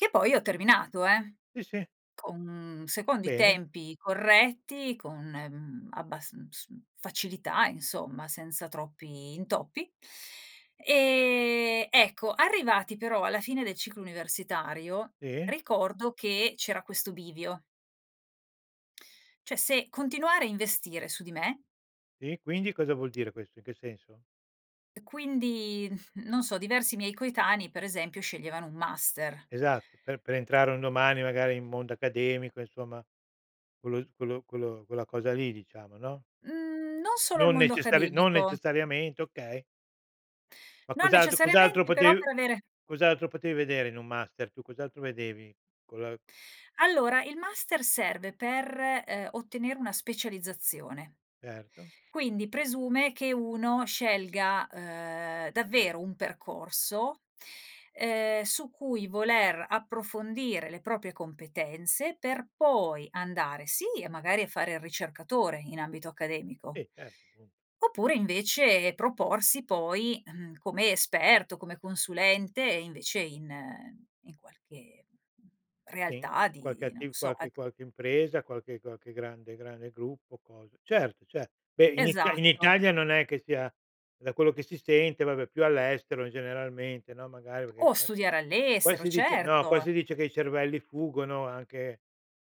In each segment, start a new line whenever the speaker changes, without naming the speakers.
Che poi ho terminato, eh,
Sì, sì.
con secondo i
Bene.
tempi corretti, con, ehm, abbas uhm, s facilità insomma, senza troppi intoppi. E, ecco, arrivati però alla fine del ciclo universitario
Sì.
ricordo che c'era questo bivio cioè se continuare a investire su di me
Sì, e quindi cosa vuol dire questo? In che senso?
e quindi, non so, diversi miei coetanei per esempio sceglievano un master.
Esatto, per per entrare un domani magari in mondo accademico, insomma quello s quello quello quella cosa lì, diciamo, no?
Mhmm, non solo il
Non
mondo
necessari non
accademico.
necessariamente, okay. Ma
Non
cos'altro cos'altro
necessariamente, però
potev
per avere
cos'altro potevi vedere in un master, tu, cos'altro vedevi? Con la
Allora, il master serve per, ehm, ottenere una specializzazione.
Certo.
Quindi presume che uno scelga, ehm, davvero un percorso, ehm, su cui voler approfondire le proprie competenze per poi andare, sì, magari a fare il ricercatore in ambito accademico
Sì, certo, punto.
oppure invece proporsi poi, uhm, come esperto, come consulente invece in in qualche, mhmm,
Uhm, sì,
realtà
qualche
di non lo
attiv
so, e
qualche qualche impresa, qualche qualche grande grande gruppo, cosa certo, certo. Beh in It in
Esatto.
Italia non è che sia da quello che si sente, vabbè più all'estero, generalmente, no, magari perché
O
qua-
studiare
qua
all'estero,
si dice no, qua
certo.
si dice che i cervelli fuggono anche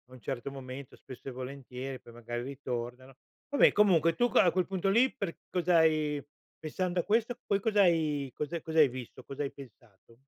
a un certo momento, spesso e volentieri, e poi magari ritornano. Vabbè comunque tu que a quel punto lì per cosa hai pensando a questo poi cos'hai cos'ha cos'hai visto? Cosa hai pensato?